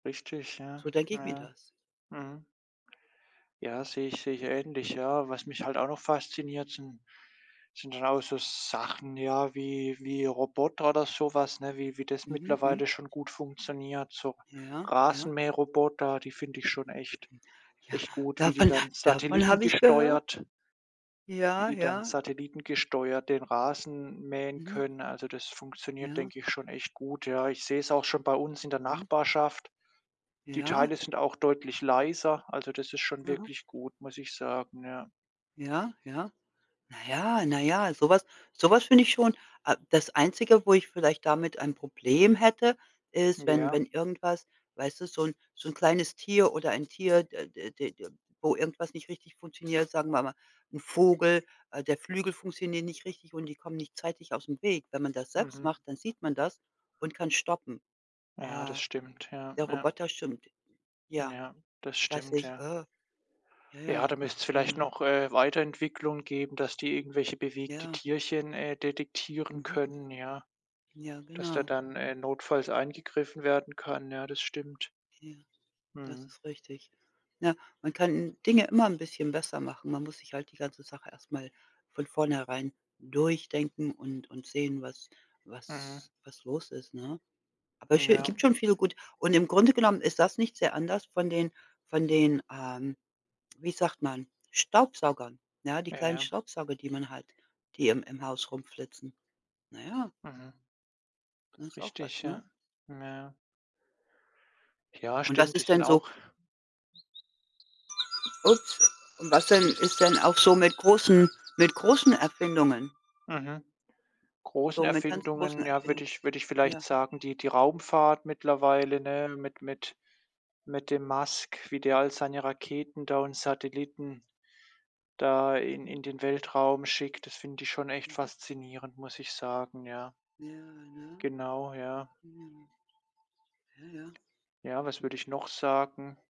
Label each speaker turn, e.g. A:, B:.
A: Richtig, ja,
B: So denke ich mir
A: ja.
B: das.
A: Mhm. Ja, sehe ich sehe ich ähnlich, ja. Was mich halt auch noch fasziniert, sind sind auch so Sachen, ja, wie wie Roboter oder so was, ne? Wie wie das
B: Mhm, mhm.
A: mittlerweile schon gut funktioniert, so,
B: Ja, ja.
A: Rasenmähroboter, die finde ich schon echt
B: Ja,
A: echt gut. Wie die
B: davon h
A: dann
B: davon habe ich gehört.
A: satellitengesteuert wie
B: Ja,
A: die dann
B: ja.
A: satellitengesteuert den Rasen mähen
B: Mhm.
A: können, also, das funktioniert,
B: Ja.
A: denke ich, schon echt gut, ja. Ich sehe es auch schon bei uns in der
B: Mhm.
A: Nachbarschaft. Die
B: Ja.
A: Teile sind auch deutlich leiser. Also, das ist schon
B: Mhm.
A: wirklich gut, muss ich sagen, ja.
B: Ja, ja. Na ja, na ja, so was so was finde ich schon a das Einzige, wo ich vielleicht damit ein Problem hätte, ist, wenn
A: Ja.
B: wenn irgendwas, weißt du, so 'n so 'n kleines Tier oder ein Tier, d d d d wo irgendwas nicht richtig funktioniert, sagen wir mal. 'N Vogel, äh, der Flügel funktioniert nicht richtig und die kommen nicht zeitig aus'm Weg. Wenn man das selbst
A: Mhm.
B: macht, dann sieht man das und kann stoppen.
A: Ja, das
B: Äh,
A: stimmt, ja,
B: der
A: ja.
B: Roboter, stimmt Ja,
A: Ja, das
B: dass
A: stimmt,
B: ich,
A: ja.
B: äh Ja,
A: Ja,
B: ja,
A: da müsst's vielleicht
B: ne?
A: noch, äh, Weiterentwicklung geben, dass die irgendwelche bewegte
B: Ja.
A: Tierchen, äh, detektieren
B: Mhm.
A: können, ja.
B: Ja,
A: Dass da
B: genau.
A: dann, äh, notfalls eingegriffen werden kann, ja, das stimmt.
B: Ja, das
A: Mhm.
B: ist richtig. Na, man kann Dinge immer 'n bisschen besser machen, man muss sich halt die ganze Sache erst mal von vornherein durchdenken und und sehen, was
A: Mhm.
B: was was los ist, ne? Aber sch gibt
A: Ja.
B: schon viele Gut, und im Grunde genommen ist das nicht sehr anders von den von den, ähm, wie sagt man, Staubsaugern. Ja, die kleinen
A: Ja.
B: Staubsauger, die man hat, die im im Haus rum flitzen. Na ja.
A: Mhm.
B: Das ist auch
A: Richtig,
B: was, ne?
A: ja, ja. Ja
B: Und was
A: stimmt, die
B: ist
A: sind
B: denn so
A: auch
B: Ups. Und was denn
A: Die sind
B: ist denn auch so mit großen mit großen Erfindungen?
A: Mhm.
B: so
A: Großen
B: mit ganz großen
A: Erfindungen, ja, würde
B: Erfindungen,
A: ich würde ich vielleicht
B: ja?
A: sagen, die die Raumfahrt mittlerweile, ne? Mit mit mit dem Musk, wie der all seine Raketen da und Satelliten da in
B: Mhm.
A: in den Weltraum schickt. Das finde ich schon echt
B: Mhm.
A: faszinierend, muss ich sagen, ja.
B: Ja, Ja.
A: Genau, ja.
B: Ja. Ja, ja.
A: Ja, was würde ich noch sagen?